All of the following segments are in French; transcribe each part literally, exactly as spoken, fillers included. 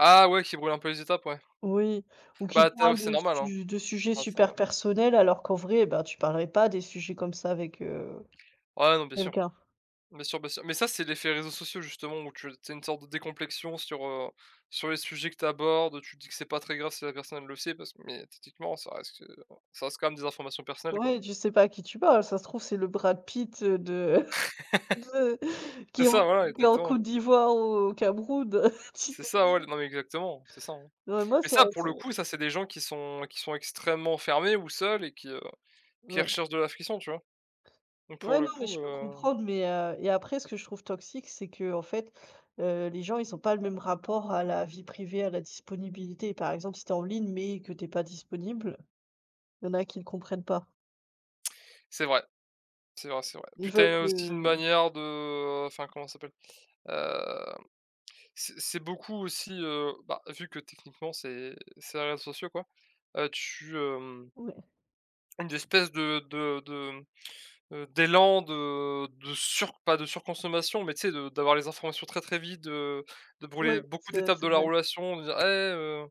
Ah ouais, qui brûle un peu les étapes, ouais. Oui, ou qui Bah tu as au parle c'est de normal, hein. su de sujets Ouais, c'est super normal. personnels alors qu'en vrai, bah, tu parlerais pas des sujets comme ça avec, heu, Ouais, non, bien sûr, quelqu'un. bien sûr, bien sûr. Mais ça c'est l'effet réseaux sociaux justement, ou tu c’est une sorte de décomplexion sur, heu, sur les sujets que tu abordes, heu, tu te dis que c'est pas très grave si la personne elle le sait parce que mais tetiquement ça reste, heu, ça reste quand même des informations personnelles quoi. Ouais, tu sais pas à qui tu parles, ça se trouve c'est le Brad Pitt, heu, de de C'est qui est ça, en q voilà, qui est en exactement. Côte d'Ivoire ou au Cameroun. C'est ça ouais, [unintelligible] l non, mais exactement, c'est ça, hein. Ouais, moi Mais ça ça pour ce le coup, ça c'est des gens qui sont qui sont extrêmement fermés ou seuls et qui, heu, qui Ouais. recherchent de l'affection, tu vois? Donc, pour Ouais, le non, mais coup, je peux heu comprendre, mais, heu et après ce que je trouve toxique c'est qu'en fait, heu, les gens, ils ont pas le même rapport à la vie privée, à la disponibilité. Par exemple, si tu es en ligne mais que tu es pas disponible, il y en a qui ne comprennent pas. C'est vrai, c'est vrai, c'est vrai. Ils Puis tu veulent as aussi une que manière de enfin, comment ça s'appelle? Hem, c c'est beaucoup aussi, heu, bah, vu que techniquement, c'est c'est les réseaux sociaux quoi, heu, tu, hem Ouais. une d'espèce de de de, mmh heu, d'élan de de sur pas de surconsommation, mais tu sais, de d'avoir les informations très, très vite, de de Oui, brûler beaucoup c'est d'étapes c'est de la vrai. relation, en disant: «Et heu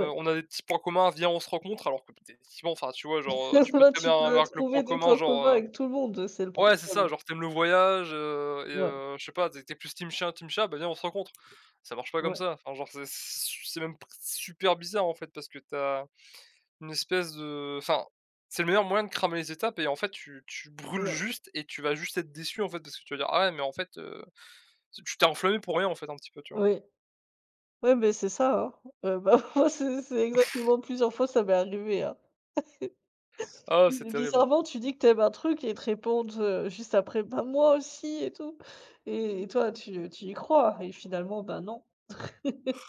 heu, on a des petits points communs, viens on se rencontre!» alors que put effectivement enfin tu vois, genre, heu, tu peux Là très bien tu peux avoir que le point trouver des commun, points genre, communs heu avec tout le monde, heu, c'est le ouais c'est ça problème. genre «Tu aimes le voyage, heu et Ouais. heu, je sais pas tu es plus team chien, team chat, bah viens on se rencontre». Ça marche pas comme Ouais. ça, enfin, genre, c'est c su c'est même p s super bizarre en fait parce que tu as une espèce de enfin, c'est le meilleur moyen de cramer les étapes et en fait tu tu brûles Ouais. juste et tu vas juste être déçu, en fait, parce que tu te vas dire: «Ah ouais, mais, en fait, heu», te tu t'es enflammé pour rien en fait un petit peu. Tu vois? Oui. Ouais, mais c'est ça hein, heu, bah, moi c'est c'est exactement plusieurs fois ça m'est arrivé hein. Ah, c'est Bi terrible, hein. bizarrement tu dis que, tu aimes un truc et ils te répondent, heu, juste après «Bah moi aussi» et tout et toi tu tu y crois et finalement, ben non.